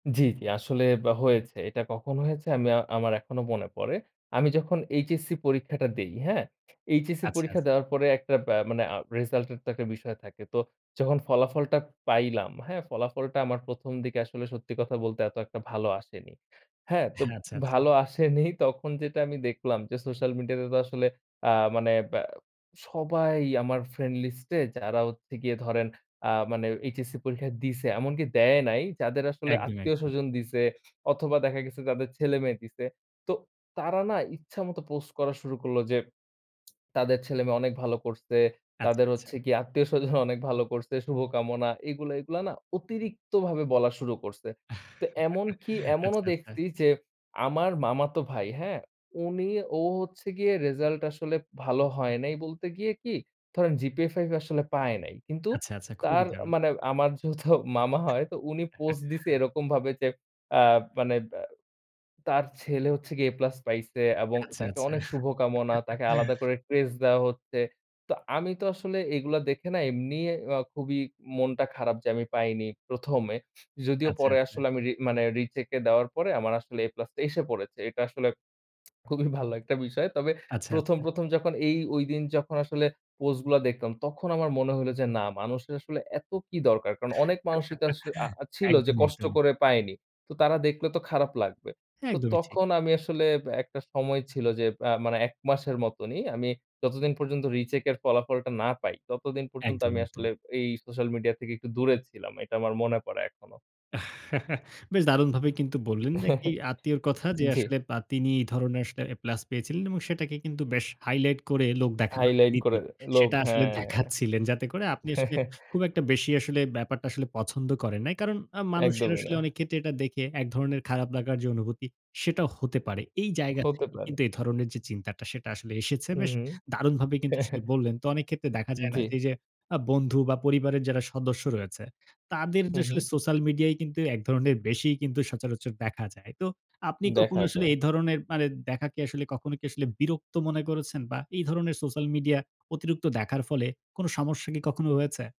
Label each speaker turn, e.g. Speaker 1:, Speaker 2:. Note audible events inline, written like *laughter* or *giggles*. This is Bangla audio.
Speaker 1: জ্বী, জ্বী। আসলে আব হয়েছে। এটা কখন হয়েছে আমি আ আমার এখনো মনে পড়ে। আমি যখন এইচএসসি পরীক্ষাটা দেই। হ্যাঁ? এইচএসসি
Speaker 2: আচ্ছা,
Speaker 1: পরীক্ষা
Speaker 2: আচ্ছা।
Speaker 1: দেওয়ার পরে একটা বা মানে আ রেজাল্ট এর তো একটা বিষয় থাকে। তো যখন ফলাফলটা পাইলাম, হ্যাঁ? ফলাফলটা আমার ১ম দিকে আসলে সত্যি কথা বলতে এত একটা ভালো আসেনি। হ্যাঁ?
Speaker 2: আ
Speaker 1: তো
Speaker 2: আচ্ছা, আচ্ছা।
Speaker 1: ভালো আসেনি তখন যেটা আমি দেখলাম যে সোশ্যাল মিডিয়া তে তো আসলে আ মানে ব্যা সবাই আমার ফ্রেন্ড লিস্টে যারা হচ্ছে গিয়ে ধরেন আ মানে এইচএসসি পরীক্ষা দিছে। এমনকি দেয় নাই যাদের আসলে
Speaker 2: একদমই, একদম।
Speaker 1: আত্মীয়-স্বজন দিছে, অথবা দেখা গেছে যাদের ছেলেমেয়ে দিছে। তো তারা না ইচ্ছামত পোস্ট করা শুরু করলো যে *smacks lips* তাদের ছেলেমেয়ে অনেক ভালো করছে।
Speaker 2: আচ্ছা,
Speaker 1: তাদের
Speaker 2: আচ্ছা।
Speaker 1: হচ্ছে গিয়ে আত্মীয়-স্বজন অনেক ভালো করছে শুভকামনা এগুলা, এগুলা, না অতিরিক্তভাবে বলা শুরু করছে। তো
Speaker 2: *giggles*
Speaker 1: এমনকি এমনও
Speaker 2: আচ্ছা, আচ্ছা।
Speaker 1: দেখছি যে আমার মামাতো ভাই, হ্যাঁ? উনি, ও হচ্ছে গিয়ে রেজাল্ট আসলে ভালো হয় নাই বলতে গিয়ে কি, ধরেন জিপিএ 5 আসলে পায় নাই। কিন্তু
Speaker 2: আচ্ছা, আচ্ছা। খুবই
Speaker 1: তার
Speaker 2: দারুণ।
Speaker 1: মানে আমার যেহেতু *laughs* মামা হয় তো উনি পোস্ট দিছে
Speaker 2: *laughs*
Speaker 1: এরকম ভাবে যে আ মানে বা তার ছেলে হচ্ছে গিয়ে এ প্লাস পাইছে এবং
Speaker 2: আচ্ছা,
Speaker 1: তাকে
Speaker 2: আচ্ছা।
Speaker 1: অনেক শুভকামনা। তাকে আলাদা
Speaker 2: *giggles*
Speaker 1: করে ক্রেস্ট দেওয়া হচ্ছে। তো আমি তো আসলে এগুলো দেখে না এমনি আ খুবই মনটা খারাপ, যে আমি পাইনি। ১মে। যদিও
Speaker 2: আচ্ছা,
Speaker 1: পরে
Speaker 2: আচ্ছা।
Speaker 1: আসলে আমি রি মানে রি-চেকে দেওয়ার পরে আমার আসলে এ প্লাসটা এসে পড়েছে। এটা আসলে *smacks lips* খুবই ভালো একটা বিষয়। তবে
Speaker 2: আচ্ছা,
Speaker 1: ১ম,
Speaker 2: আচ্ছা।
Speaker 1: প্রথম যখন এই ঐদিন যখন আসলে পোস্ট গুলা দেখতাম, তখন আমার মনে হইলো যে না মানুষের আসলে এত কি দরকার! কারণ অনেক মানুষই তো আস আ
Speaker 2: *giggles*
Speaker 1: ছিল যে
Speaker 2: একদমই,
Speaker 1: কষ্ট
Speaker 2: একদমই।
Speaker 1: করে পায়নি। তো তারা দেখলে তো খারাপ লাগবে। তো
Speaker 2: একদমই ঠিক।
Speaker 1: তখন আমি আসলে এব একটা সময় ছিল যে আ মানে ১ মাসের মতনই। আমি যতদিন পর্যন্ত রিচেক এর ফলাফলটা না পাই, ততদিন পর্যন্ত আমি
Speaker 2: একদমই,
Speaker 1: আসলে
Speaker 2: একদমই।
Speaker 1: এই সোশ্যাল মিডিয়া থেকে একটু দূরে ছিলাম। এটা আমার মনে পড়ে এখনোও।
Speaker 2: *giggles* বেশ দারুণভাবেই কিন্তু বললেন যে একটি
Speaker 1: *giggles*
Speaker 2: আত্মীয়র কথা যে,
Speaker 1: জ্বী।
Speaker 2: আসলে আ তিনি এই ধরনের আসলে এ প্লাস পেয়েছিলেন এবং সেটাকে কিন্তু বেশ হাইলাইট করে লোক দেখানোর
Speaker 1: হাইলাইট করে।
Speaker 2: নীতি
Speaker 1: লোভ,
Speaker 2: সেটা আসলে
Speaker 1: হ্যাঁ।
Speaker 2: দেখাচ্ছিলেন। যাতে করে আপনি আসলে
Speaker 1: *giggles*
Speaker 2: খুব একটা বেশি আসলে ব্যাপারটা আসলে পছন্দ করেন নাই। কারণ আ মানুষের
Speaker 1: একদমই
Speaker 2: আসলে
Speaker 1: না।
Speaker 2: অনেক ক্ষেত্রে এটা দেখে এক ধরনের খারাপ লাগার যে অনুভূতি, সেটা হতে পারে। এই জায়গা
Speaker 1: হতে
Speaker 2: থেকে
Speaker 1: পারে।
Speaker 2: কিন্তু এ ধরনের যে চিন্তাটা সেটা আসলে এসেছে।
Speaker 1: হু,
Speaker 2: বেশ
Speaker 1: হু।
Speaker 2: দারুণভাবে কিন্তু সেটি
Speaker 1: *laughs*
Speaker 2: বললেন। তো অনেক ক্ষেত্রে দেখা যায় না
Speaker 1: জ্বী।
Speaker 2: যে, এই যে আ বন্ধু বা পরিবারের যারা সদস্য রয়েছে, তাদের
Speaker 1: হু,
Speaker 2: যে আসলে
Speaker 1: হু।
Speaker 2: সোশ্যাল মিডিয়ায় কিন্তু এক ধরণের বেশিই কিন্তু সচরাচর দেখা যায়। তো আপনি কখনো
Speaker 1: দেখা
Speaker 2: আসলে
Speaker 1: যায়।
Speaker 2: এই ধরনের মানে দেখা কি আসলে কখনো কি আসলে বিরক্ত মনে করেছেন? বা এই ধরনের সোশ্যাল মিডিয়া অতিরিক্ত দেখার ফলে কোন সমস্যা কি কখনো হয়েছে?